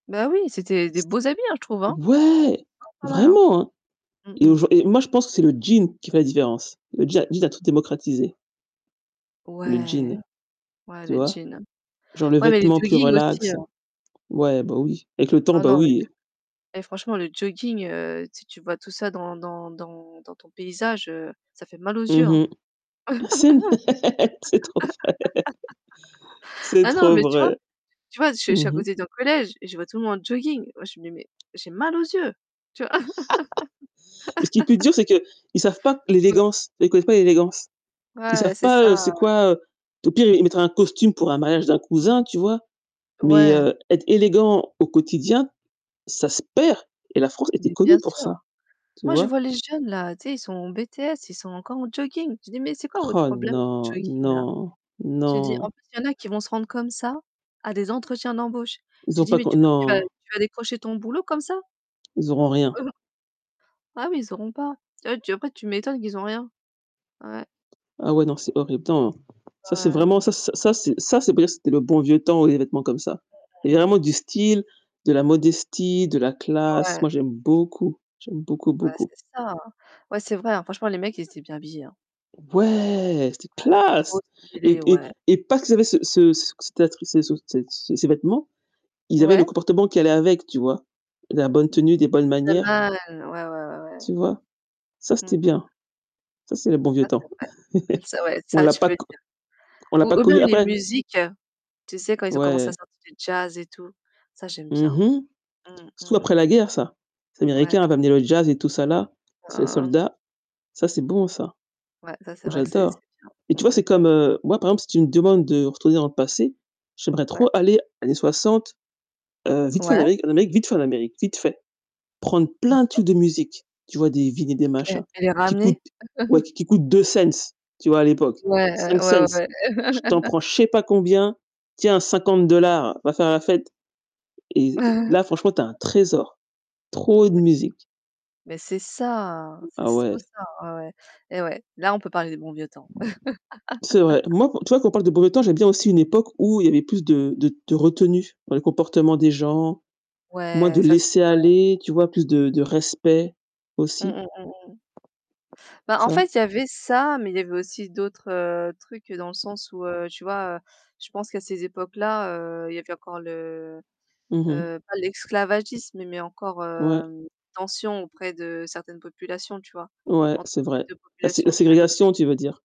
Bah, oui, c'était des beaux habits, je trouve. Pas Ouais, pas mal, hein. vraiment hein et Mmh mh. aujourd'hui moi je pense que c'est le jean qui fait la différence. Le jean jean a tout démocratisé. Le jean, Ouais, ouais tu le vois? jean. Genre le Ouais, mais le vêtement plus jogging aussi, relax, hein. ouais bah oui, avec le temps Oh bah non le oui. jogg et franchement le jooging, heu, tu tu vois tout ça dans dans dans dans ton paysage, ça fait mal aux yeux, hein. Mmh mh. C'est trop vrai c'est Ah, non, trop mais tu vois vrai. tu vois, je à Mmh mh. côté d'un collège et je vois tout le monde en jogging. Moi, je me mets, j'ai mal aux yeux, tu vois? Ce qui est plus dur, c'est qu'ils savent pas Ouais. l'élégance, ils connaissent pas l'élégance. Ils Ouais, savent c'est pas ça, c'est heu quoi, au pire, ils mettraient un costume pour un mariage d'un Mmh cousin, mh. tu vois? Mais Ouais. heu, être élégant au quotidien, ça se perd et la France était Mais bien connue pour sûr. ça, tu Moi je vois? vois les jeunes là, tu sais, ils sont en BTS, ils sont encore en jogging. Je dis: «Mais c'est quoi votre Oh, problème avec les non, jogging là?» non, j'ai dit: «En non. plus il y en a qui vont se rendre comme ça à des entretiens d'embauche». Ils ont J'ai dit: pas «Mais q tu crois que tu vas non. tu vas décrocher ton boulot comme ça?» Ils auront rien. ah oui, ils auront pas. Tu vois, tu après tu m'étonnes qu'ils ont rien. Ouais. Ah ouais, donc c'est horrible. [unintelligible] Ça, c'est Ouais. vraiment, ça ça, c'est, ça, c'est vrai, c'était le bon vieux temps, oui, les vêtements comme ça. Il y Mmh, a mmh, mmh. vraiment du style, de la modestie, de la classe. Ouais. Moi, j'aime beaucoup, j'aime beaucoup, Ouais, beaucoup. c'est ça. Ouais, c'est vrai, hein. Franchement, les mecs, ils étaient bien habillés, hein. Ouais, c'etait Ouais, classe trop et stylé et ouais. et pas qu'ils avaient ce ce ce ce vêtement, ils avaient le Ouais. comportement qui allait avec, tu vois? La bonne Ça tenue, des bonnes le fait manières. mal. Ouais, ouais, ouais, Tu ouais. vois? Ça, c'était Mmh bien. mh. Ça, c'est le bon vieux Ça c'est temps. vrai c'est vrai On ça l'a tu peux pas le dire. on l'a Ou pas ou même connu les après musiques, hein, tu sais quand ils ont commencé à Ouais. sortir du jazz et tout, ça j'aime Mmh bien, mh. mmh, mmh, Surtout après mmh. la guerre, ça. Les Ouais. Américains avaient amené le jazz et tout ça là, ces Hein. soldats, ça c'est bon ça. Ouais, ça c'est Moi vrai que c'est c'est j'adore. Et bien tu vois, mmh mh. c'est comme, heu, moi par exemple, si tu me demandes de retourner dans le passé, j'aimerais trop Ouais. aller années 60 vite fait en Ouais. Amérique vite fait en Amérique, vite fait. Prendre plein de OK. trucs de musique, tu vois des vinyles et des E machins elle est qui ramenée. coûtent, ouais, qui coûtent 2 cents tu vois, l'époque, Ouais, heu, 5 ouais, cents ouais, Je ouais. t'en prends, je sais pas combien, tiens, 50 dollars, va faire la fête et là, franchement, tu as un trésor, trop de Mais c'est musique. Mais c'est ça, c'est Ah, trop ouais. ça. Ah, ouais et ouais, là on peut parler des bons vieux temps. C'est vrai. Moi, tu vois qu'on parle de beau temps, j'aime bien aussi une époque où il y avait plus de de de retenue dans les comportements des gens, moins Ouais, de ça c'est vrai. laisser-aller, tu vois, plus de de respect Mmh, aussi. mmh, mmh, mmh. Bah, en Ça. fait, il y avait ça, mais il y avait aussi d'autres, heu, trucs dans le sens où, heu, tu vois, je pense qu'à ces époques-là, heu, il y avait encore le, Mmh mh. heu, pas l'esclavagisme, mais encore, Ouais. heu, tension auprès de certaines populations, tu vois, Ouais, entre c'est les vrai. 2 La ségre la populations que tu as annoncé. ségrégation, tu veux dire?